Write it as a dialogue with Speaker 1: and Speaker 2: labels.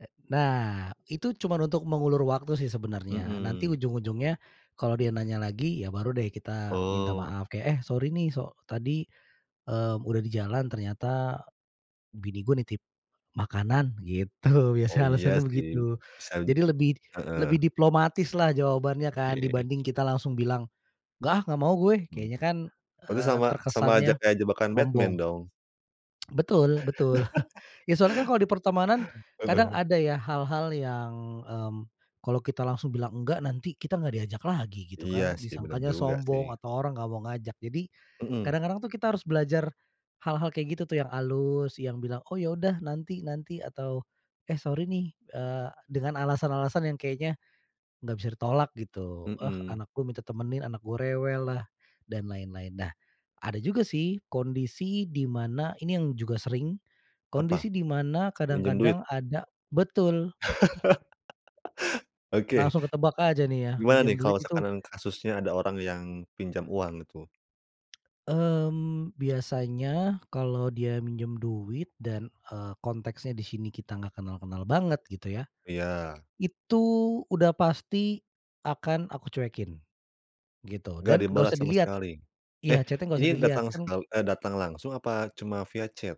Speaker 1: Eee, nah, itu cuman untuk mengulur waktu sih sebenarnya. Nanti
Speaker 2: Mhm.
Speaker 1: ujung-ujungnya kalau dia nanya lagi, ya baru deh kita minta
Speaker 2: Oh.
Speaker 1: maaf. Kayak, "Eh sorry nih so tadi, eee, udah di jalan ternyata, bini gue nitip makanan." Gitu,
Speaker 2: Oh
Speaker 1: biasanya
Speaker 2: iya
Speaker 1: alasannya
Speaker 2: sih,
Speaker 1: begitu.
Speaker 2: bisa ju
Speaker 1: Jadi lebih,
Speaker 2: heeh.
Speaker 1: lebih diplomatislah jawabannya kan,
Speaker 2: Oke.
Speaker 1: dibanding kita langsung bilang, "Enggak ah, enggak mau gue!"
Speaker 2: Hmm.
Speaker 1: Kayaknya kan,
Speaker 2: Berarti
Speaker 1: eee,
Speaker 2: sama sama aja
Speaker 1: terkesannya
Speaker 2: kayak jebakan Batman
Speaker 1: sombong.
Speaker 2: dong?
Speaker 1: Betul betul. Ya soalnya kan kalau di pertemanan, kadang
Speaker 2: Heeh.
Speaker 1: ada ya hal-hal yang, mmm, kalau kita langsung bilang enggak, nanti kita enggak diajak lagi gitu
Speaker 2: Iya
Speaker 1: kan.
Speaker 2: sih, bener
Speaker 1: Disangkanya
Speaker 2: juga sih.
Speaker 1: sombong atau orang enggak mau ngajak. Jadi,
Speaker 2: Mhm.
Speaker 1: kadang-kadang tuh kita harus belajar hal-hal kayak gitu tuh, yang alus yang bilang, "Oh ya udah nanti nanti," atau, "Eh, sorry nih," eee, dengan alasan-alasan yang kayaknya enggak bisa ditolak gitu. "Eee,
Speaker 2: Mhm.
Speaker 1: anak gue minta temenin, anak gue rewellah," dan lain-lain. Nah, ada juga sih kondisi di mana, ini yang juga sering,
Speaker 2: Apa?
Speaker 1: kondisi dimana
Speaker 2: Minjem duit?
Speaker 1: kadang-kadang ada betul.
Speaker 2: Oke.
Speaker 1: Langsung ketebak aja nih ya,
Speaker 2: Gimana nih
Speaker 1: minjem duit
Speaker 2: kalau
Speaker 1: itu
Speaker 2: seakan-akan kasusnya ada orang yang pinjam uang gitu?
Speaker 1: Mmm, biasanya kalau dia minjem duit dan, eee, konteksnya di sini kita enggak kenal-kenal banget gitu ya.
Speaker 2: Iya.
Speaker 1: Itu, udah pasti akan aku cuekin, gitu.
Speaker 2: Engak
Speaker 1: Dan enggak
Speaker 2: dibalas
Speaker 1: usah
Speaker 2: sama
Speaker 1: dilihat
Speaker 2: sekali. Eh,
Speaker 1: iya, chat-nya enggak usah
Speaker 2: ini
Speaker 1: dilihat.
Speaker 2: datang
Speaker 1: Kan
Speaker 2: sekali eee, datang langsung apa cuma via chat?